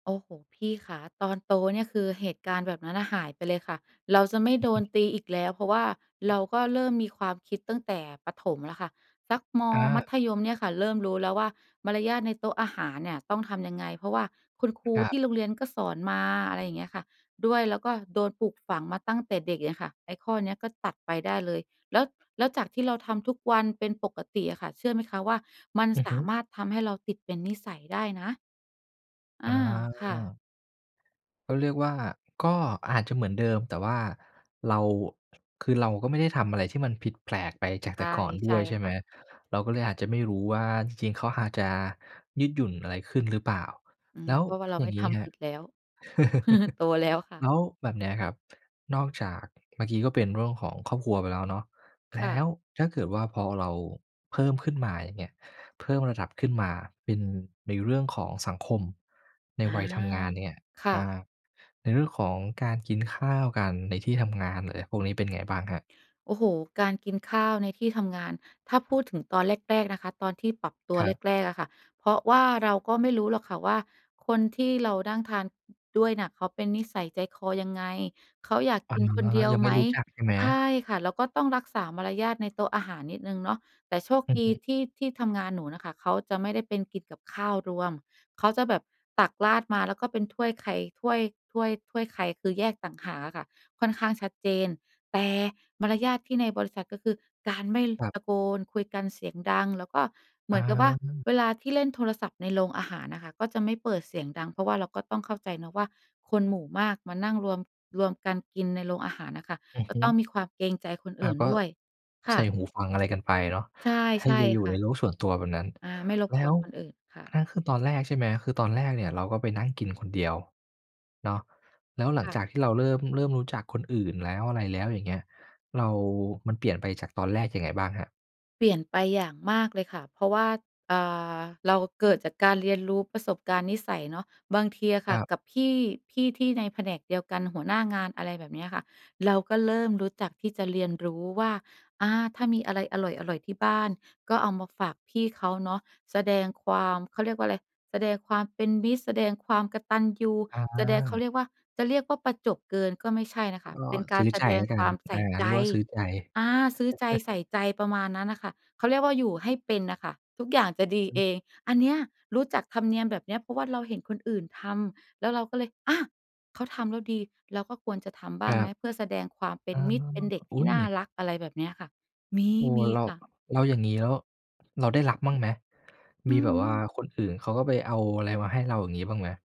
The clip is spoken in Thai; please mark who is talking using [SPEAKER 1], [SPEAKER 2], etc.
[SPEAKER 1] โอ้โฮ พี่คะ ตอนโตเนี่ย คือเหตุการณ์แบบนั้นน่ะหายไปเลยค่ะ เราจะไม่
[SPEAKER 2] อื
[SPEAKER 1] โ
[SPEAKER 2] อ
[SPEAKER 1] ด
[SPEAKER 2] ฮ
[SPEAKER 1] น
[SPEAKER 2] ึ
[SPEAKER 1] ตีอีกแล้ว เพราะว่าเราก็เริ่มมีความคิดตั้งแต่ประถมแล้วค่ะ สักมอ
[SPEAKER 2] อ
[SPEAKER 1] มั
[SPEAKER 2] า
[SPEAKER 1] ธยมเนี่ยค่ะ เริ่มรู้แล้วว่ามารยาทในโต๊ะอาหารเนี่ยต้องทำยังไง เพราะว่าคุณครู
[SPEAKER 2] ครั
[SPEAKER 1] ท
[SPEAKER 2] บ
[SPEAKER 1] ี่โรงเรียนก็สอนมา อะไรอย่างเงี้ยค่ะด้วย แล้วก็โดนปลูกฝังมาตั้งแต่เด็กเงี้ยค่ะ ไอ้ข้อนี้ก็ตัดไปได้เลย แล้ว แล้วจากที่เราทำทุกวันเป็นปกติอะค่ะ เชื่อไหมคะว่า มัน
[SPEAKER 2] อือ
[SPEAKER 1] ส
[SPEAKER 2] ฮึ
[SPEAKER 1] ามารถทำให้เราติดเป็นนิสัยได้นะ อ
[SPEAKER 2] อ๋
[SPEAKER 1] า ค่ะ
[SPEAKER 2] อ ก็เรียกว่า ก็อาจจะเหมือนเดิม แต่ว่าเรา คือเราก็ไม่ได้ทำอะไรที่มันผิดแผกไปจาก
[SPEAKER 1] ใ
[SPEAKER 2] แ
[SPEAKER 1] ช
[SPEAKER 2] ต่
[SPEAKER 1] ่
[SPEAKER 2] ก่อนด
[SPEAKER 1] ใช
[SPEAKER 2] ้ว
[SPEAKER 1] ่
[SPEAKER 2] ย ใช่ไ
[SPEAKER 1] ค
[SPEAKER 2] หม?
[SPEAKER 1] ่ะ
[SPEAKER 2] เราก็เลยอาจจะไม่รู้ว่าจริง ๆ เขาอาจจะยืดหยุ่นอะไรขึ้นหรือเปล่า
[SPEAKER 1] อื
[SPEAKER 2] แล
[SPEAKER 1] อ
[SPEAKER 2] ้ว
[SPEAKER 1] เพราะว่าเรา
[SPEAKER 2] อย่
[SPEAKER 1] ไม
[SPEAKER 2] า
[SPEAKER 1] ่
[SPEAKER 2] งง
[SPEAKER 1] ท
[SPEAKER 2] ี้คร
[SPEAKER 1] ำผ
[SPEAKER 2] ับ
[SPEAKER 1] ิดแล้ว โตแล้วค่
[SPEAKER 2] แ
[SPEAKER 1] ะ
[SPEAKER 2] ล้วแบบนี้ครับ นอกจากเมื่อกี้ก็เป็นเรื่องของครอบครัวไปแล้วเนาะ แล
[SPEAKER 1] ค่
[SPEAKER 2] ้
[SPEAKER 1] ะ
[SPEAKER 2] วถ้าเกิดว่าพอเราเพิ่มขึ้นมา อย่างเงี้ย เพิ่มระดับขึ้นมาเป็นในเรื่องของสังคมใน
[SPEAKER 1] อา
[SPEAKER 2] วัยทำงานเนี่ย
[SPEAKER 1] ค่
[SPEAKER 2] อ่
[SPEAKER 1] ะ
[SPEAKER 2] า ในเรื่องของการกินข้าวกันในที่ทำงาน อะไรพวกนี้ เป็นไงบ้างครับ?
[SPEAKER 1] โอ้โฮ การกินข้าวในที่ทำงาน ถ้าพูดถึงตอนแรก ๆ นะคะ ตอนที่ปรับตัว
[SPEAKER 2] ครับ
[SPEAKER 1] แรก ๆ อะค่ะ เพราะว่าเราก็ไม่รู้หรอกค่ะว่า คนที่เรานั่งทานด้วยน่ะ เขาเป็นนิสัยใจคอยังไง? เขาอยาก
[SPEAKER 2] อ๋อ
[SPEAKER 1] กินคนเดียว
[SPEAKER 2] ยังไ
[SPEAKER 1] ไ
[SPEAKER 2] ม
[SPEAKER 1] ห
[SPEAKER 2] ่
[SPEAKER 1] ม?
[SPEAKER 2] รู้จัก ใช่ไหม?
[SPEAKER 1] ใช่ค่ะ แล้วก็ต้องรักษามารยาทในโต๊ะอาหารนิดหนึ่งเนาะ แต่โชค
[SPEAKER 2] อือ
[SPEAKER 1] ด
[SPEAKER 2] ฮ
[SPEAKER 1] ี
[SPEAKER 2] ึ
[SPEAKER 1] ที่ที่ทำงานหนูน่ะค่ะ เขาจะไม่ได้เป็นกินกับข้าวรวม เขาจะแบบตักราดมา แล้วก็เป็นถ้วยใคร ถ้วย ถ้วย ถ้วยใคร คือแยกต่างหากอะค่ะ ค่อนข้างชัดเจน แต่! มารยาทที่ในบริษัท ก็คือการไม่
[SPEAKER 2] ครับ
[SPEAKER 1] ตะโกนคุยกันเสียงดัง แล้วก็เหมือนกับว่า
[SPEAKER 2] อา
[SPEAKER 1] เวลาที่เล่นโทรศัพท์ในโรงอาหารอะค่ะ ก็จะไม่เปิดเสียงดัง เพราะว่าเราก็ต้องเข้าใจเนาะว่า คนหมู่มากมานั่งรวม รวมกันกินในโรงอาหารน่ะค่ะ
[SPEAKER 2] อือ
[SPEAKER 1] ก
[SPEAKER 2] ฮ
[SPEAKER 1] ็
[SPEAKER 2] ึ
[SPEAKER 1] ต้องมีความเกรงใจคน
[SPEAKER 2] อ
[SPEAKER 1] อ
[SPEAKER 2] ะ
[SPEAKER 1] ื่น
[SPEAKER 2] ก็
[SPEAKER 1] ด้วย ค
[SPEAKER 2] ใส
[SPEAKER 1] ่
[SPEAKER 2] ่
[SPEAKER 1] ะ
[SPEAKER 2] หูฟังอะไรกันไปเนาะ
[SPEAKER 1] ใช
[SPEAKER 2] ให้
[SPEAKER 1] ่
[SPEAKER 2] ย อยู
[SPEAKER 1] ๆ
[SPEAKER 2] ่
[SPEAKER 1] ค่
[SPEAKER 2] ใน
[SPEAKER 1] ะ
[SPEAKER 2] โลกส่วนตัวแบบนั้น
[SPEAKER 1] อา ไม่รบ
[SPEAKER 2] แล้
[SPEAKER 1] กวน
[SPEAKER 2] ว
[SPEAKER 1] คนอื่นค่
[SPEAKER 2] น
[SPEAKER 1] ะ
[SPEAKER 2] ั่นคือตอนแรก ใช่ไหม คือตอนแรกเนี่ยเราก็ไปนั่งกินคนเดียวเนาะ แล้วหลั
[SPEAKER 1] ค
[SPEAKER 2] ง
[SPEAKER 1] ่
[SPEAKER 2] จา
[SPEAKER 1] ะ
[SPEAKER 2] กที่เราเริ่ม เริ่มรู้จักคนอื่นแล้ว อะไรแล้วอย่างเงี้ย เรา มันเปลี่ยนไปจากตอนแรกยังไงบ้างครับ?
[SPEAKER 1] เปลี่ยนไปอย่างมากเลยค่ะ เพราะว่า อ่า เราเกิดจากการเรียนรู้ประสบการณ์นิสัยเนาะ บางทีอะค
[SPEAKER 2] ค
[SPEAKER 1] ่
[SPEAKER 2] ร
[SPEAKER 1] ะ
[SPEAKER 2] ับ
[SPEAKER 1] กับพี่ พี่ที่ในแผนกเดียวกันหัวหน้างาน อะไรแบบเนี้ยค่ะ เราก็เริ่มรู้จักที่จะเรียนรู้ว่า อา ถ้ามีอะไรอร่อย ๆ ที่บ้านก็เอามาฝากพี่เขาเนาะ แสดงความ เขาเรียกว่าอะไร แสดงความเป็นมิตร แสดงความกตัญญู
[SPEAKER 2] อ
[SPEAKER 1] แสดง เขา
[SPEAKER 2] า
[SPEAKER 1] เรียกว่า จะเรียกว่าประจบเกินก็ไม่ใช่นะค
[SPEAKER 2] ก็
[SPEAKER 1] ะ เป็นก
[SPEAKER 2] ซ
[SPEAKER 1] า
[SPEAKER 2] ื
[SPEAKER 1] ร
[SPEAKER 2] ้อ
[SPEAKER 1] แส
[SPEAKER 2] ใจ
[SPEAKER 1] ด
[SPEAKER 2] แ
[SPEAKER 1] ง
[SPEAKER 2] ล้วกั
[SPEAKER 1] คว
[SPEAKER 2] น
[SPEAKER 1] ามใส
[SPEAKER 2] อ
[SPEAKER 1] ่
[SPEAKER 2] า
[SPEAKER 1] ใจ
[SPEAKER 2] เรียกว่าซื้อใจ
[SPEAKER 1] อา ซื้อใจ ใส่ใจ ประมาณนั้นน่ะค่ะ เขาเรียกว่าอยู่ให้เป็นน่ะค่ะ ทุกอย่างจะดี
[SPEAKER 2] อ
[SPEAKER 1] เอ
[SPEAKER 2] ืม
[SPEAKER 1] ง อันเนี้ย รู้จักธรรมเนียมแบบเนี้ย เพราะว่าเราเห็นคนอื่นทำ แล้วเราก็เลย อา เขาทำแล้วดี เราก็ควรจะทำบ้
[SPEAKER 2] ค
[SPEAKER 1] าง
[SPEAKER 2] ร
[SPEAKER 1] ไ
[SPEAKER 2] ั
[SPEAKER 1] หม
[SPEAKER 2] บ
[SPEAKER 1] เพื่อแสดงความเป
[SPEAKER 2] อ
[SPEAKER 1] ็
[SPEAKER 2] ๋
[SPEAKER 1] น
[SPEAKER 2] อ
[SPEAKER 1] มิตร เป็นเด็ก
[SPEAKER 2] อ
[SPEAKER 1] ท
[SPEAKER 2] ุ๊
[SPEAKER 1] ี่
[SPEAKER 2] ย
[SPEAKER 1] น่ารัก อะไรแบบเนี้ยค่ะ มี
[SPEAKER 2] โอ้
[SPEAKER 1] มี
[SPEAKER 2] แล้ว
[SPEAKER 1] ค่ะ
[SPEAKER 2] แล้วอย่างงี้ แล้วเราได้รับบ้างไหม
[SPEAKER 1] อ
[SPEAKER 2] ม
[SPEAKER 1] ื
[SPEAKER 2] ีแบบว่า
[SPEAKER 1] ม
[SPEAKER 2] คนอื่นเขาก็ไปเอาอะไรมาให้เราอย่างงี้บ้างไหม?